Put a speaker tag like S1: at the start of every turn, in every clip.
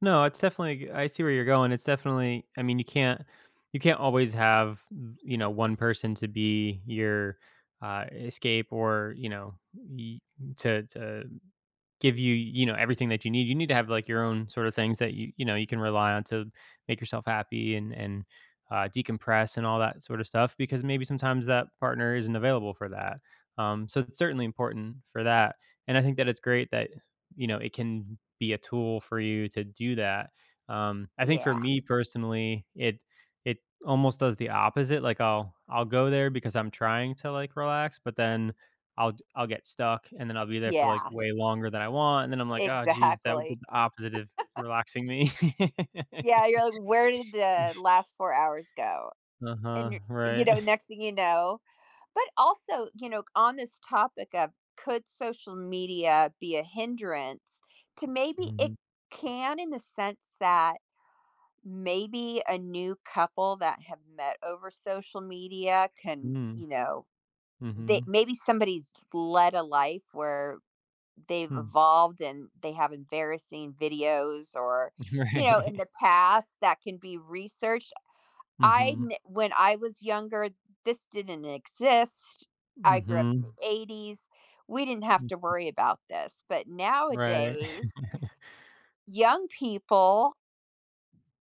S1: No, it's definitely go I see where you're going. It's definitely I mean, you can't you can't always have m you know, one person to be your, uh, escape or, you know, y m to to give you, you know, everything that you need. You need to have, like, your own sort of things that you you know, you can rely on to make yourself happy and and, uh, decompress and all that sort of stuff because maybe sometimes that partner isn't available for that. Um, so it's certainly important for that, and I think that it's great that, you know, it can be a tool for you to do that. Um, I think for
S2: Yeah.
S1: me personally, it it almost does the opposite. Like, I'll I'll go there because I'm trying to, like, relax, but then I'll g I'll get stuck, and then I'll be there for, like,
S2: Yeah.
S1: way longer than I want, and then I'm like, "Oh, jeez." That would do
S2: Exactly.
S1: the opposite of relaxing me.
S2: Yeah, you're like, "Where did the last 4 hours go?" And
S1: Uh-huh.
S2: you you
S1: Right.
S2: know, next thing you know but also, you know, c on this topic of "Could social media be a hindrance?" To maybe it
S1: Mhm.
S2: can in the sense that maybe a new couple that have met over social media can,
S1: Mm.
S2: you know, they
S1: Mhm.
S2: maybe somebody's led a life where they've
S1: Hmm.
S2: evolved and they have embarrassing videos or, you know, in
S1: Right.
S2: the past that can be researched. I n
S1: Mhm.
S2: when I was younger, this didn't exist. I grew up in the
S1: Mhm.
S2: ‘80s. We didn't have to
S1: Mhm.
S2: worry about this, but
S1: Right.
S2: nowadays young people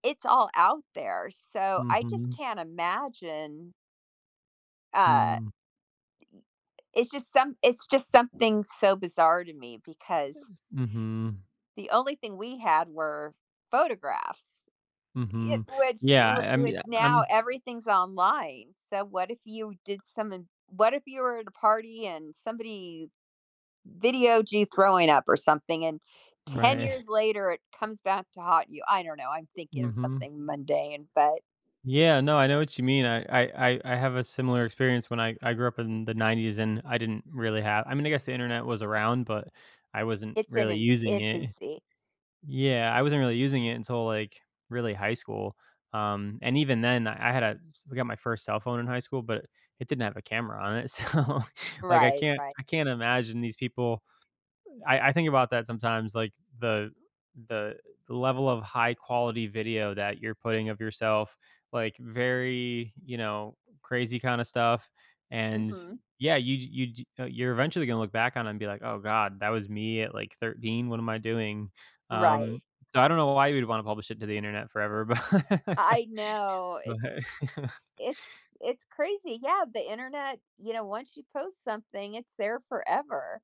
S2: it's all out there. So, I just
S1: Mhm.
S2: can't imagine uh,
S1: Hmm.
S2: it's just some it's just something so bizarre to me because
S1: [unintelligible] Mhm.
S2: the only thing we had were photographs, if
S1: Mhm.
S2: which whi
S1: Yeah, um,
S2: which
S1: yeah,
S2: now,
S1: um
S2: everything's online. So, what if you did something what if you were at a party and somebody videoed you throwing up or something, and 10
S1: Right.
S2: years later, it comes back to haunt you? I don't know. I'm thinking of
S1: Mhm.
S2: something mundane, but
S1: Yeah. No, I know what you mean. I I I I have a similar experience when I I grew up in the ‘90s, and I didn't really have I mean, I guess, the Internet was around, but I wasn't
S2: it's in
S1: really
S2: an
S1: using it.
S2: infancy.
S1: Yeah, I wasn't really using it until, like, really high school, um, and even then, I had a s I got my first cell phone in high school, but it didn't have a camera on it. So, like, I
S2: Right,
S1: can't
S2: right.
S1: I can't imagine these people. Uh, I I think about that sometimes, like, the the level of high quality video that you're putting of yourself, like, very, you know, crazy kinda stuff, and,
S2: Mhm.
S1: yeah, you j you j eh, you're eventually gonna look back on and be like, "Oh god, that was me at, like, 13. What am I doing?"
S2: Right.
S1: Um, I don't know why you'd wanna publish it to the Internet forever, but
S2: I know.
S1: but
S2: It's it's it's crazy, yeah. The internet you know, once you post something, it's there forever.